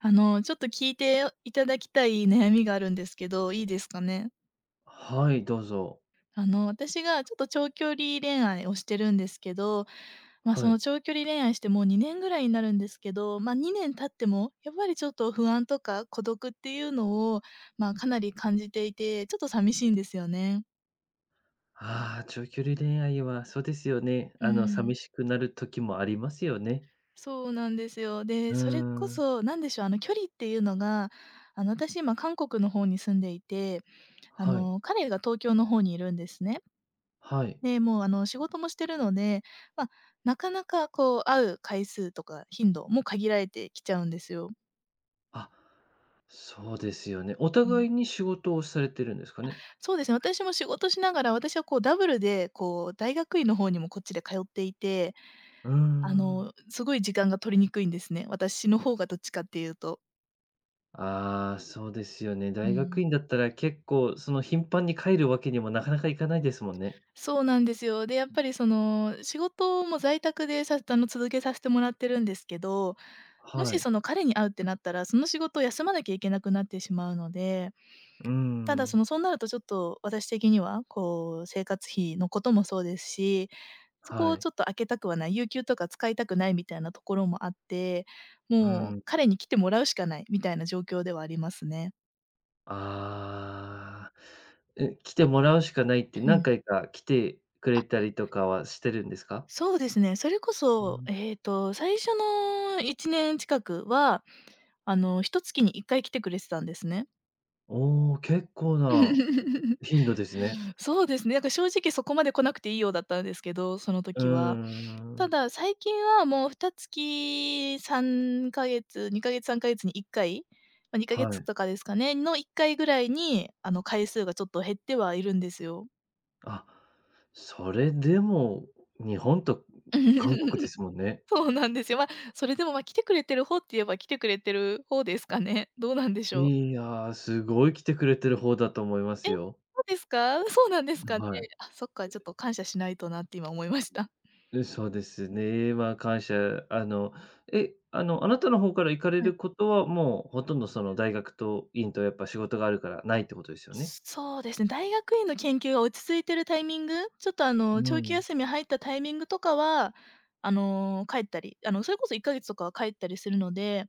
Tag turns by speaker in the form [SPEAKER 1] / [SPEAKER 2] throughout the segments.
[SPEAKER 1] あの、ちょっと聞いていただきたい悩みがあるんですけど、いいですかね？
[SPEAKER 2] はい、どうぞ。
[SPEAKER 1] あの、私がちょっと長距離恋愛をしてるんですけど、ま、
[SPEAKER 2] は
[SPEAKER 1] そ
[SPEAKER 2] い。
[SPEAKER 1] の長距離恋愛してもう2年ぐらいになるんですけど、ま、2年経ってもやっぱりちょっと不安とか孤独っていうのをま、かなり感じていて、ちょっと寂しいんですよね。
[SPEAKER 2] ああ、長距離恋愛はそうですよね。
[SPEAKER 1] うー
[SPEAKER 2] あの寂
[SPEAKER 1] ん。
[SPEAKER 2] しくなる時もありますよね。
[SPEAKER 1] そうなんですよ。
[SPEAKER 2] う
[SPEAKER 1] で、
[SPEAKER 2] ー
[SPEAKER 1] それこ
[SPEAKER 2] ん。
[SPEAKER 1] そ何でしょう、あの距離っていうのがあの私、今韓国の方に住んでいて、あ
[SPEAKER 2] はい。
[SPEAKER 1] の、彼が東京の方にいるんですね。
[SPEAKER 2] はい。
[SPEAKER 1] で、もうあの仕事もしてるので、ま、なかなかこう会う回数とか頻度も限られてきちゃうんですよ。
[SPEAKER 2] あ、そうですよね。お
[SPEAKER 1] うん、え。
[SPEAKER 2] 互いに仕事をされてるんですか
[SPEAKER 1] あ、
[SPEAKER 2] ね？
[SPEAKER 1] そうですね、私も仕事しながら私はこうダブルでこう大学院の方にもこっちで通っていて、
[SPEAKER 2] うー
[SPEAKER 1] あ
[SPEAKER 2] ん。
[SPEAKER 1] の、すごい時間が取りにくいんですね。私の方がどっちかって言うと。
[SPEAKER 2] ああ、そうですよね。
[SPEAKER 1] う
[SPEAKER 2] 大学
[SPEAKER 1] ん。
[SPEAKER 2] 院だったら結構その頻繁に帰るわけにもなかなかいかないですもんね。
[SPEAKER 1] そうなんですよ。で、やっぱりその、仕事も在宅で、さあの続けさせてもらってるんですけど、も
[SPEAKER 2] は
[SPEAKER 1] し
[SPEAKER 2] い。
[SPEAKER 1] その彼に会うってなったら、その仕事休まなきゃいけなくなってしまうので。
[SPEAKER 2] う
[SPEAKER 1] ただそ
[SPEAKER 2] ん。
[SPEAKER 1] のそうなるとちょっと私的にはこう、生活費のこともそうですし、そこ
[SPEAKER 2] は
[SPEAKER 1] を
[SPEAKER 2] い。
[SPEAKER 1] ちょっと空けたくはない有給とか使いたくないみたいなところもあって、
[SPEAKER 2] う
[SPEAKER 1] もう、
[SPEAKER 2] ん。
[SPEAKER 1] 彼に来てもらうしかないみたいな状況ではありますね。
[SPEAKER 2] ああ、え、来てもらうしかないって
[SPEAKER 1] う
[SPEAKER 2] 何
[SPEAKER 1] ん。
[SPEAKER 2] 回か来てく
[SPEAKER 1] あ。
[SPEAKER 2] れたりとかはしてるんですか？
[SPEAKER 1] そうですね。それこ
[SPEAKER 2] う
[SPEAKER 1] そ、
[SPEAKER 2] ん。
[SPEAKER 1] ええと最初の1年近くは、あの、1月に1回来てくれてたんですね。
[SPEAKER 2] お、結構な 頻度ですね。
[SPEAKER 1] そうですね、なんか正直、そこまで来なくていいよ、だったんですけど、その
[SPEAKER 2] うー
[SPEAKER 1] 時は。た
[SPEAKER 2] ん。
[SPEAKER 1] だ最近は、もう2月3か月2か月3か月に1回まあ、にかげ
[SPEAKER 2] は
[SPEAKER 1] つ
[SPEAKER 2] い。
[SPEAKER 1] とかですかねの1回ぐらいにあの、回数がちょっと減ってはいるんですよ。
[SPEAKER 2] あ、それでも日本と韓国です もんね。
[SPEAKER 1] そうなんですよ。ま、それでも、ま、来てくれてる方って言えば、来てくれてる方ですかね。どうなんでしょう。
[SPEAKER 2] いや、すごい来てくれてる方だと思いま
[SPEAKER 1] え、
[SPEAKER 2] す
[SPEAKER 1] そ
[SPEAKER 2] よ。
[SPEAKER 1] うですか。そうなんです
[SPEAKER 2] な
[SPEAKER 1] かね。
[SPEAKER 2] はい。
[SPEAKER 1] あ、そっか、ちょっと、感謝しないとなって今思いまし
[SPEAKER 2] う
[SPEAKER 1] た。
[SPEAKER 2] ん。
[SPEAKER 1] ん。
[SPEAKER 2] うん、そうですね。ま、感謝。あの、え、あの、あなたの方から行かれ
[SPEAKER 1] はい。
[SPEAKER 2] ることは、もう、ほとんど、その大学と、院と、やっぱ、仕事があるからないってことですよね。
[SPEAKER 1] そうですね、大学院の研究が落ち着いているタイミング、ちょっと、あ
[SPEAKER 2] うー
[SPEAKER 1] の、長期
[SPEAKER 2] ん。
[SPEAKER 1] 休み入ったタイミングとかは、あの、帰ったり。あの、それこそ1か月とかは帰ったりするので。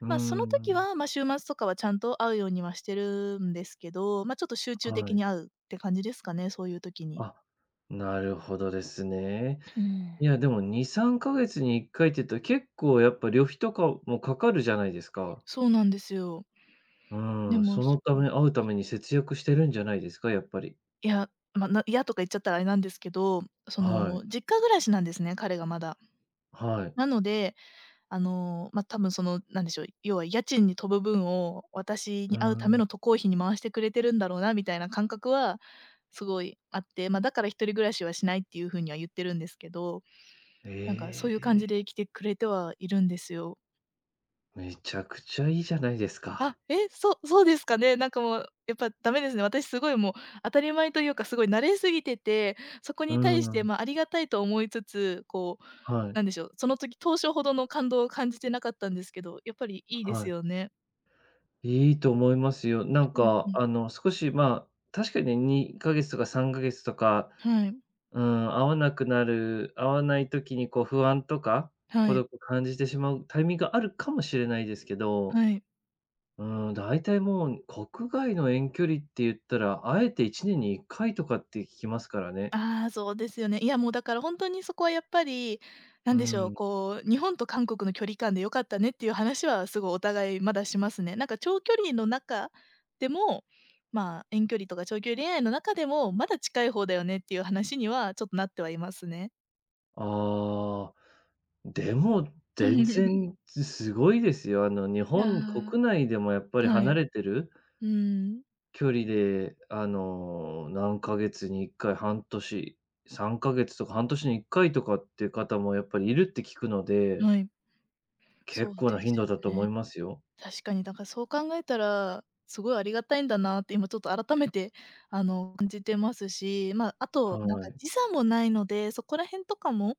[SPEAKER 2] うー
[SPEAKER 1] まあ、その時
[SPEAKER 2] ん。
[SPEAKER 1] は、ま、週末とかは、ちゃんと会うようにはしてるんですけど。ま、ちょっと、集中
[SPEAKER 2] は
[SPEAKER 1] 的
[SPEAKER 2] い。
[SPEAKER 1] に会うって感じですかね、そういう時に。
[SPEAKER 2] あ、なるほどですね。
[SPEAKER 1] うー
[SPEAKER 2] い
[SPEAKER 1] ん。
[SPEAKER 2] や、でも、2、3か月に1回っていうと、結構、やっぱ、旅費とかもかかるじゃないですか。
[SPEAKER 1] そうなんですよ。
[SPEAKER 2] うー
[SPEAKER 1] で
[SPEAKER 2] ん、
[SPEAKER 1] も、
[SPEAKER 2] そ
[SPEAKER 1] そ
[SPEAKER 2] のた
[SPEAKER 1] こも、
[SPEAKER 2] め、会うた
[SPEAKER 1] ちょ…
[SPEAKER 2] めに節約してるんじゃないですか、やっぱり。
[SPEAKER 1] いや、まないやとか言っちゃったら、あれなんですけど。そ
[SPEAKER 2] あ、はい。
[SPEAKER 1] の、実家暮らしなんですね、彼がまだ。
[SPEAKER 2] はい。
[SPEAKER 1] なので、あの、ま、多分、その、何でしょう。要は家賃に飛ぶ分を、私
[SPEAKER 2] うー
[SPEAKER 1] に会うため
[SPEAKER 2] ん。
[SPEAKER 1] の渡航費に回してくれてるんだろうな、みたいな感覚はすごいあって。ま、だから1人暮らしはしないっていう風には言ってるんですけど。なんか、そういう感じ
[SPEAKER 2] え。
[SPEAKER 1] で来てくれてはいるんですよ。
[SPEAKER 2] めちゃくちゃいいじゃないです
[SPEAKER 1] あ、
[SPEAKER 2] か。
[SPEAKER 1] え、そそうですかね。なんか、もう、やっぱ、ダメですね。私、凄い、もう、当たり前というか、凄い慣れ過ぎてて、そこ
[SPEAKER 2] うー
[SPEAKER 1] に対して、
[SPEAKER 2] ん。
[SPEAKER 1] まあ、ありがたいと思いつつ、こう、
[SPEAKER 2] はい。
[SPEAKER 1] なんでしょう、その時、当初ほどの感動を感じてなかったんですけど、やっぱり
[SPEAKER 2] は
[SPEAKER 1] いいで
[SPEAKER 2] は
[SPEAKER 1] す
[SPEAKER 2] い。
[SPEAKER 1] よね。
[SPEAKER 2] いいと思いますよ。なん
[SPEAKER 1] うんう
[SPEAKER 2] か、
[SPEAKER 1] ん。
[SPEAKER 2] あの、少し、まあ、確かに2か月とか3か月とか、
[SPEAKER 1] はい。
[SPEAKER 2] うーん、会わなくなる、会わない時に、こう、不安とか、
[SPEAKER 1] は
[SPEAKER 2] 孤
[SPEAKER 1] い。
[SPEAKER 2] 独を感じてしまうタイミングがあるかもしれないですけど。
[SPEAKER 1] はい。
[SPEAKER 2] うーん、だいたい、もう、国外の遠距離って言ったら、会えて1年に1回とかって聞きますからね。
[SPEAKER 1] ああ、そうですよね。いや、もう、だから、ほんとに、そこは、やっぱり、
[SPEAKER 2] う-
[SPEAKER 1] 何でしょう、
[SPEAKER 2] ん。
[SPEAKER 1] こう、日本と韓国の距離感で良かったね、っていう話は、凄い、お互いまだしますね。なんか長距離の中でも、まあ、遠距離とか長距離恋愛の中でも、まだ近い方だよね、っていう話にはちょっとなってはいますね。
[SPEAKER 2] ああ。でも、全 然、つすごいですよ。あの、日本
[SPEAKER 1] あ
[SPEAKER 2] 国内でも、やっぱり
[SPEAKER 1] あ。はい。
[SPEAKER 2] 離
[SPEAKER 1] う
[SPEAKER 2] れてる
[SPEAKER 1] ーん。
[SPEAKER 2] 距離で、あの、何ヶ月に1回、半年、3か月とか半年に1回とかっていう方も、やっぱりいるって聞くので。
[SPEAKER 1] はい。そ
[SPEAKER 2] 結
[SPEAKER 1] う
[SPEAKER 2] 構
[SPEAKER 1] で
[SPEAKER 2] な
[SPEAKER 1] す
[SPEAKER 2] 頻度
[SPEAKER 1] よ
[SPEAKER 2] だと
[SPEAKER 1] ね。
[SPEAKER 2] 思いますよ。
[SPEAKER 1] 確かに、だから、そう考えたら、凄いありがたいんだなって、今、ちょっと改めて、あの、感じてますし、まあ、あ
[SPEAKER 2] は
[SPEAKER 1] と、なんか、
[SPEAKER 2] い。
[SPEAKER 1] 時差もないので、そこら辺とかも、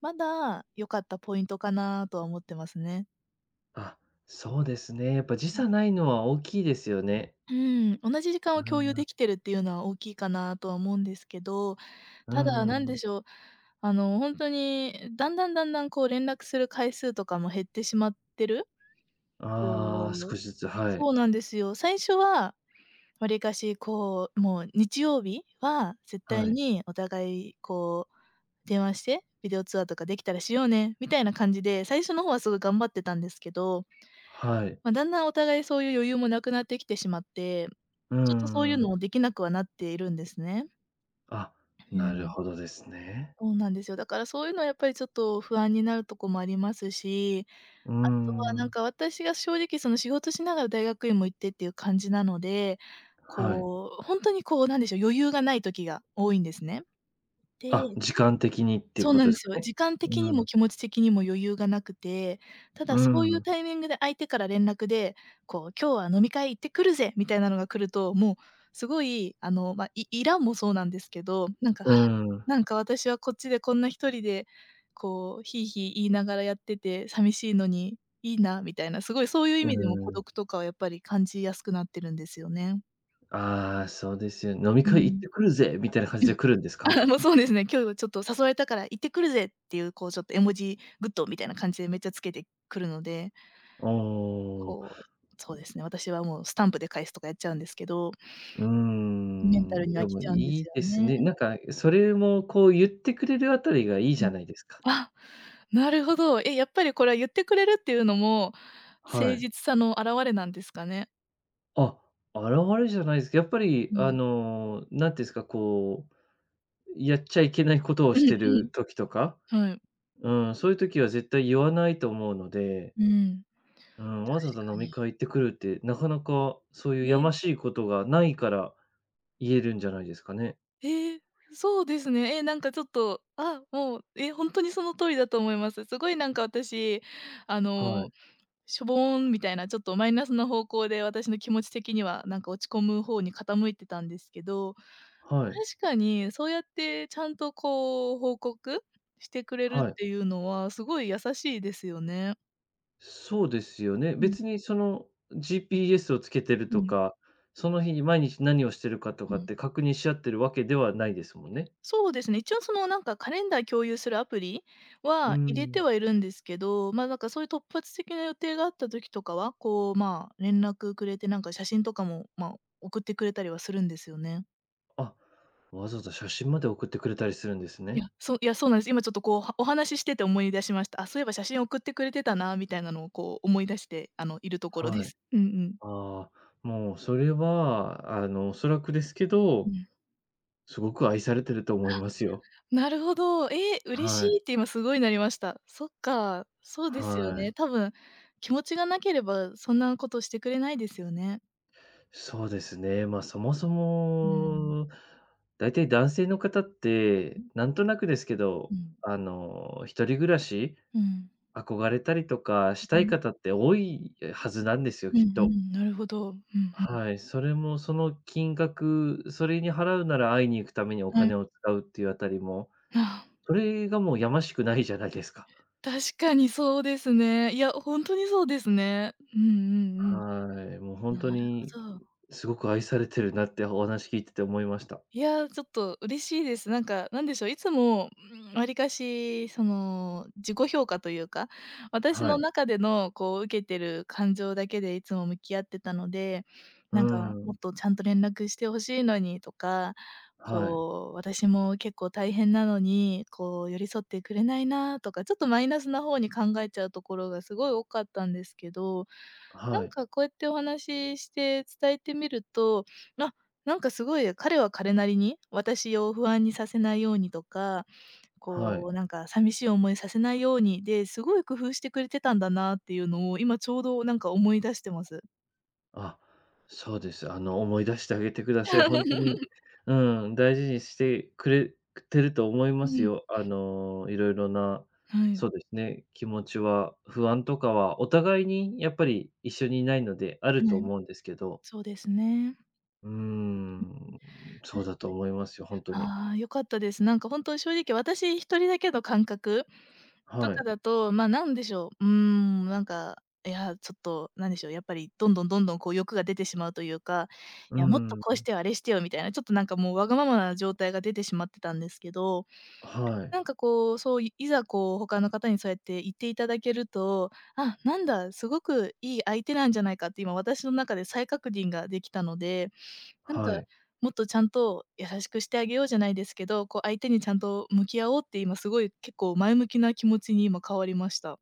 [SPEAKER 1] まだ良かったポイントかなとは思ってますね。
[SPEAKER 2] あ、そうですね。やっぱ時
[SPEAKER 1] うん。
[SPEAKER 2] 差ないのは大きいですよね。
[SPEAKER 1] うん、同じ時間を共有で きてるっていうのは大きいかなとは思うんですけど、
[SPEAKER 2] うー
[SPEAKER 1] ただなん
[SPEAKER 2] ん。
[SPEAKER 1] でしょう、あの、ほんとにだんだんだんだんこう連絡する回数とかも減ってしまってる
[SPEAKER 2] ああ、
[SPEAKER 1] こう
[SPEAKER 2] 少しずつ、はい。
[SPEAKER 1] そうなんですよ。最初はわりかしこう、もう日曜日は絶対
[SPEAKER 2] はい。
[SPEAKER 1] にお互いこう、電話して「ビデオ通話とかできたらしようね」みたいな感じで最初の方はすごい頑張ってたんですけど、
[SPEAKER 2] はい。
[SPEAKER 1] ま、だんだんお互いそういう余裕もなくなってきてしまって、
[SPEAKER 2] うー
[SPEAKER 1] ちょっとそういう
[SPEAKER 2] ん。
[SPEAKER 1] のできなくはなっているんですね。
[SPEAKER 2] あ、
[SPEAKER 1] う
[SPEAKER 2] なる
[SPEAKER 1] ん。
[SPEAKER 2] ほどですね。
[SPEAKER 1] そうなんですよ。だからそういうのはやっぱりちょっと不安になるとこもありますし、
[SPEAKER 2] うー
[SPEAKER 1] あとはなん
[SPEAKER 2] ん。
[SPEAKER 1] か私が正直その、仕事しながら大学院も行ってっていう感じなので、
[SPEAKER 2] はい。
[SPEAKER 1] こう、ほんとにこう、なんでしょう、余裕がない時が多いんですね。
[SPEAKER 2] あ、
[SPEAKER 1] で
[SPEAKER 2] 時間的にっていう
[SPEAKER 1] そう
[SPEAKER 2] こ
[SPEAKER 1] な
[SPEAKER 2] と
[SPEAKER 1] ん
[SPEAKER 2] で
[SPEAKER 1] で
[SPEAKER 2] す
[SPEAKER 1] す
[SPEAKER 2] か
[SPEAKER 1] よ。
[SPEAKER 2] ね。
[SPEAKER 1] 時間
[SPEAKER 2] う
[SPEAKER 1] 的にも
[SPEAKER 2] ん。
[SPEAKER 1] 気持ち的にも余裕がなくて、た
[SPEAKER 2] う
[SPEAKER 1] だ
[SPEAKER 2] ー
[SPEAKER 1] そういう
[SPEAKER 2] ん。
[SPEAKER 1] タイミングで相手から連絡で、こう「今日は飲み会行ってくるぜ」みたいなのが来ると、もうすごいあの、ま、いイラもそうなんですけど、なんか、
[SPEAKER 2] う
[SPEAKER 1] 「は、
[SPEAKER 2] ーん。
[SPEAKER 1] なんか私はこっちでこんな1人でこう、ヒーヒー言いながらやっててさみしいのにいいな」みたいな、すごいそういう意
[SPEAKER 2] うー
[SPEAKER 1] 味でも孤
[SPEAKER 2] ん。
[SPEAKER 1] 独とかはやっぱり感じやすくなってるんですよね。
[SPEAKER 2] ああ、そうですよ。「飲み
[SPEAKER 1] う
[SPEAKER 2] 会行っ
[SPEAKER 1] ん。
[SPEAKER 2] てくるぜ」みたいな感
[SPEAKER 1] う
[SPEAKER 2] じで
[SPEAKER 1] ん。
[SPEAKER 2] 来るんですか？
[SPEAKER 1] あ、もうそうですね、「今日ちょっと誘われたから行ってくるぜ」っていうこう、ちょっと絵文字、グッドみたいな感じでめっちゃつけてくるので
[SPEAKER 2] ああ、う
[SPEAKER 1] こう、そうで
[SPEAKER 2] ん。
[SPEAKER 1] すね、私はもうスタンプで返すとかやっちゃうんですけど
[SPEAKER 2] うー
[SPEAKER 1] メンタ
[SPEAKER 2] ん。
[SPEAKER 1] ルには
[SPEAKER 2] で
[SPEAKER 1] き
[SPEAKER 2] も、
[SPEAKER 1] ちゃうんで
[SPEAKER 2] い
[SPEAKER 1] す
[SPEAKER 2] いで
[SPEAKER 1] よ
[SPEAKER 2] す
[SPEAKER 1] ね。
[SPEAKER 2] ね。なんかそれもこう、言ってくれるあたりがいい
[SPEAKER 1] う
[SPEAKER 2] じゃ
[SPEAKER 1] ん。
[SPEAKER 2] ないですか。
[SPEAKER 1] あ、なるほど。え、やっぱりこれは言ってくれるっていうのも
[SPEAKER 2] は
[SPEAKER 1] 誠
[SPEAKER 2] い。
[SPEAKER 1] 実さの表れなんですかね。
[SPEAKER 2] あ、現れじゃないす、やっぱり、
[SPEAKER 1] う
[SPEAKER 2] あ
[SPEAKER 1] ん。
[SPEAKER 2] の、なんて言うんすか、こう、やっちゃいけない事を
[SPEAKER 1] うん
[SPEAKER 2] してる
[SPEAKER 1] う
[SPEAKER 2] 時とか、
[SPEAKER 1] ん。はい。
[SPEAKER 2] うーん、そういう時は絶対言わないと思うので。
[SPEAKER 1] うーん、
[SPEAKER 2] うん。わざわざ
[SPEAKER 1] 確か
[SPEAKER 2] 飲み
[SPEAKER 1] に。
[SPEAKER 2] 会行ってくるって、なかなか、そういうや
[SPEAKER 1] え。
[SPEAKER 2] ましいことがないから、言えるんじゃないですかね。
[SPEAKER 1] ええ、そうですね。え、なんか、ちょっと、あ、もう、え、本当にその通りだと思います。すごい、なんか、私、あ
[SPEAKER 2] は
[SPEAKER 1] の、
[SPEAKER 2] い。
[SPEAKER 1] しょぼん、みたいな、ちょっとマイナスの方向で、私の気持ち的には、なんか、落ち込む方に傾いてたんですけど、
[SPEAKER 2] はい。
[SPEAKER 1] 確かにそうやって、ちゃんと、こう、報告してくれるっ
[SPEAKER 2] はい。
[SPEAKER 1] ていうのは、すごい優しいですよね。
[SPEAKER 2] そうですよね。
[SPEAKER 1] うん。
[SPEAKER 2] 別に、その、GPS を付けてる
[SPEAKER 1] う
[SPEAKER 2] と
[SPEAKER 1] ん。
[SPEAKER 2] か、その日に毎日何をしてるかと
[SPEAKER 1] う
[SPEAKER 2] かっ
[SPEAKER 1] ん。
[SPEAKER 2] て、確認し合ってるわけではないですもんね。
[SPEAKER 1] そうですね。一応、その、なんか、カレンダー共有するアプリ
[SPEAKER 2] うー
[SPEAKER 1] は、入れ
[SPEAKER 2] ん。
[SPEAKER 1] てはいるんですけど、まあ、なんか、そういう突発的な予定があった時とかは、こう、まあ、連絡くれて、なんか、写真とかも、まあ、送ってくれたりはするんですよね。
[SPEAKER 2] あ、わざわざ写真まで送ってくれたりするんです
[SPEAKER 1] い
[SPEAKER 2] ね。
[SPEAKER 1] や、そ、いや、そうなんです。今ちょっとこう、はお話ししてて思い出しました。あ、そういえば写真送ってくれてたなみたいなのをこう思い出して、あの、いるところで
[SPEAKER 2] はい。
[SPEAKER 1] す。うんうん。
[SPEAKER 2] ああ、もうそれは、あの、おそらくですけ
[SPEAKER 1] う
[SPEAKER 2] ど、
[SPEAKER 1] ん。
[SPEAKER 2] すごく愛されてると
[SPEAKER 1] は、
[SPEAKER 2] 思いますよ。
[SPEAKER 1] なるほど。え、嬉し
[SPEAKER 2] はい。
[SPEAKER 1] いって今すごいなりました。そっか、そうですよ
[SPEAKER 2] は
[SPEAKER 1] ね。
[SPEAKER 2] い。
[SPEAKER 1] 多分気持ちがなければ、そんなことしてくれないですよね。
[SPEAKER 2] そうですね。ま、そもそ
[SPEAKER 1] うーん。
[SPEAKER 2] も、ん、だいたい男性の方って、なんとなくですけ
[SPEAKER 1] う
[SPEAKER 2] ど、
[SPEAKER 1] ん。
[SPEAKER 2] あの、一人暮らし、
[SPEAKER 1] うん。
[SPEAKER 2] 憧れたりとか、し
[SPEAKER 1] あ、あ
[SPEAKER 2] たい
[SPEAKER 1] あ。
[SPEAKER 2] 方って多いはずなんですよ、
[SPEAKER 1] うんう
[SPEAKER 2] きっと。
[SPEAKER 1] ん、なるほど。うんうん。
[SPEAKER 2] はい、それも、その金額それに払うなら会いに行くためにお
[SPEAKER 1] は
[SPEAKER 2] 金
[SPEAKER 1] い。
[SPEAKER 2] を使うっていうあたりも、
[SPEAKER 1] ああ。
[SPEAKER 2] それがもう、やましくないじゃないですか。
[SPEAKER 1] 確かにそうですね。いや、ほんとにそうですね。うんうんうん。
[SPEAKER 2] はい、もうほんと
[SPEAKER 1] なる
[SPEAKER 2] に、
[SPEAKER 1] ほど。
[SPEAKER 2] すごく愛されてるなってお話聞いてて思いました。
[SPEAKER 1] いや、ちょっと嬉しいです。なんか、なんでしょう、いつも、ん、わりかしその自己評価というか、私
[SPEAKER 2] は
[SPEAKER 1] の
[SPEAKER 2] い。
[SPEAKER 1] 中でのこう、受けてる感情だけでいつも向き合ってたので、
[SPEAKER 2] うー
[SPEAKER 1] なんか、も
[SPEAKER 2] ん。
[SPEAKER 1] っと、ちゃんと連絡して欲しいのにとか、
[SPEAKER 2] はい。
[SPEAKER 1] こう、私も結構大変なのに、こう、寄り添ってくれないなとかちょっとマイナスな方に考えちゃうところがすごい多かったんですけど、な
[SPEAKER 2] は
[SPEAKER 1] ん
[SPEAKER 2] い。
[SPEAKER 1] かこうやってお話しして伝えてみると、あ、なんかすごい彼は彼なりに私を不安にさせないようにとか、
[SPEAKER 2] はい。
[SPEAKER 1] こう、なんか、寂しい思いさせないように、で、すごい工夫してくれてたんだなっていうのを今ちょうどなんか思い出してます。
[SPEAKER 2] あ、そうです。あの思い出してあげてくだ
[SPEAKER 1] ん。
[SPEAKER 2] さい。ほんとに うん、大事にしてくれくてると思いま
[SPEAKER 1] う
[SPEAKER 2] す
[SPEAKER 1] ん。
[SPEAKER 2] よ。あ の、色々な、
[SPEAKER 1] はい。
[SPEAKER 2] そうですね、気持ちは、不安とかはお互いにやっぱり一緒にいないのであ
[SPEAKER 1] は
[SPEAKER 2] ると
[SPEAKER 1] い、
[SPEAKER 2] 思うんですけど。
[SPEAKER 1] そうですね。
[SPEAKER 2] うー
[SPEAKER 1] うんうん。確
[SPEAKER 2] ん。
[SPEAKER 1] か
[SPEAKER 2] そ
[SPEAKER 1] に。
[SPEAKER 2] うだと思いますよ、ほんとに。
[SPEAKER 1] あ、良かったです。なんか本当、正直私1人だけの感覚と
[SPEAKER 2] は
[SPEAKER 1] か
[SPEAKER 2] い。
[SPEAKER 1] だと、ま、なんでしょう、うーん、なんか、いや、ちょっとなんでしょう、やっぱりどんどんどんどんこう欲が出てしまうというか、
[SPEAKER 2] う
[SPEAKER 1] いやもっと
[SPEAKER 2] ん、
[SPEAKER 1] こうし
[SPEAKER 2] ん。
[SPEAKER 1] てよあれしてよみたいなちょっとなんかもうわがままな状態が出てしまってたんですけど。
[SPEAKER 2] あ、はい。
[SPEAKER 1] なんかこう、そう、いいざこう他の方にそうやって言っていただけると、「あ、なんだ、すごくいい相手なんじゃないか」って今私の中で再確認ができたので、なんか、
[SPEAKER 2] はい。
[SPEAKER 1] もっとちゃんと優しくしてあげようじゃないですけど、こう相手にちゃんと向き合おうって今すごい結構前向きな気持ちに今変わりました。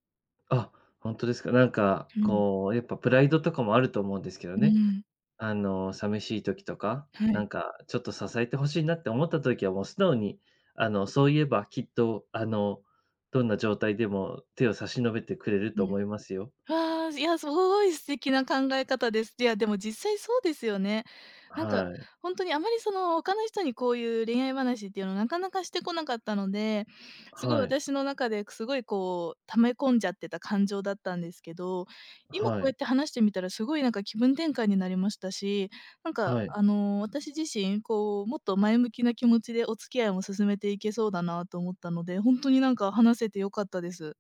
[SPEAKER 2] あ、ほんとですか。なんか、
[SPEAKER 1] うん。
[SPEAKER 2] こう、やっぱプライドとかもあると思うんですけど
[SPEAKER 1] う
[SPEAKER 2] ね
[SPEAKER 1] ん。
[SPEAKER 2] あの、寂しい時とか、
[SPEAKER 1] は
[SPEAKER 2] な
[SPEAKER 1] い。
[SPEAKER 2] んかちょっと支えて欲しいなって思った時はもう素直に、あの、そういえばきっと、あの、どんな状態でも手を差し伸べてくれる
[SPEAKER 1] う
[SPEAKER 2] と
[SPEAKER 1] ん。
[SPEAKER 2] 思いますよ。
[SPEAKER 1] わ、じいや、すごい素敵な考え方です。いやでも実際そうですよね。
[SPEAKER 2] あ、
[SPEAKER 1] なんか
[SPEAKER 2] はい。
[SPEAKER 1] ほんとにあまりその他の人にこういう恋愛話っていうのはなかなかしてこなかったので、すごい
[SPEAKER 2] はい。
[SPEAKER 1] 私の中でくすごいこう溜め込んじゃってた感情だったんですけど、今こ
[SPEAKER 2] は
[SPEAKER 1] うやっ
[SPEAKER 2] い。
[SPEAKER 1] て話してみたらすごいなんか気分転換になりましたし、なんか、
[SPEAKER 2] はい。
[SPEAKER 1] あの、私自身こうもっと前向きな気持ちでお付き合いを進めていけそうだなと思ったので、ほんとになんか話せて良かったです。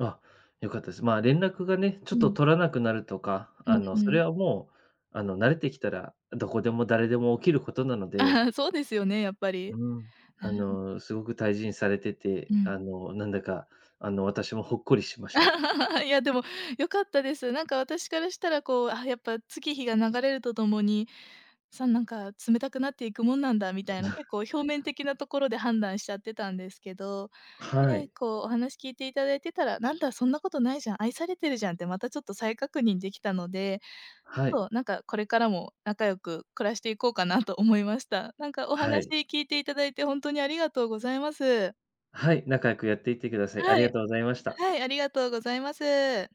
[SPEAKER 2] あ、良かったです。まあ、連絡がね、ち
[SPEAKER 1] う
[SPEAKER 2] ょっと
[SPEAKER 1] ん。
[SPEAKER 2] 取らなくなるとか、
[SPEAKER 1] う
[SPEAKER 2] あ
[SPEAKER 1] ん
[SPEAKER 2] の、
[SPEAKER 1] う
[SPEAKER 2] そ
[SPEAKER 1] ん。
[SPEAKER 2] れはもう、あの、慣れてきたら、どこでも誰でも起きることなの
[SPEAKER 1] あ、
[SPEAKER 2] で。
[SPEAKER 1] そうですよね、やっぱり。
[SPEAKER 2] うん。あ
[SPEAKER 1] うん。
[SPEAKER 2] の、すごく大事にされてて、
[SPEAKER 1] うん。
[SPEAKER 2] あの、なんだかあの、私もほっこりしました。
[SPEAKER 1] いや、でも良かったです。なんか私からしたらこう、あ、やっぱ月日が流れるとともに、さんなんか冷たくなっていくもんなんだみたいな結 構表面的なところで判断しちゃってたんですけど。
[SPEAKER 2] は
[SPEAKER 1] ね、
[SPEAKER 2] い。
[SPEAKER 1] こう、お話聞いていただいてたら「なんだそんなことないじゃん、愛されてるじゃん」ってまたちょっと再確認できたので、ち
[SPEAKER 2] はい。
[SPEAKER 1] ょっとなんかこれからも仲良く暮らしていこうかなと思いました。なんかお
[SPEAKER 2] は
[SPEAKER 1] 話
[SPEAKER 2] い。
[SPEAKER 1] 聞いていただいて本当にありがとうございます。
[SPEAKER 2] はい、仲良くやっていってください。あり
[SPEAKER 1] は
[SPEAKER 2] が
[SPEAKER 1] い。
[SPEAKER 2] とうございました。
[SPEAKER 1] はい、ありがとうございます。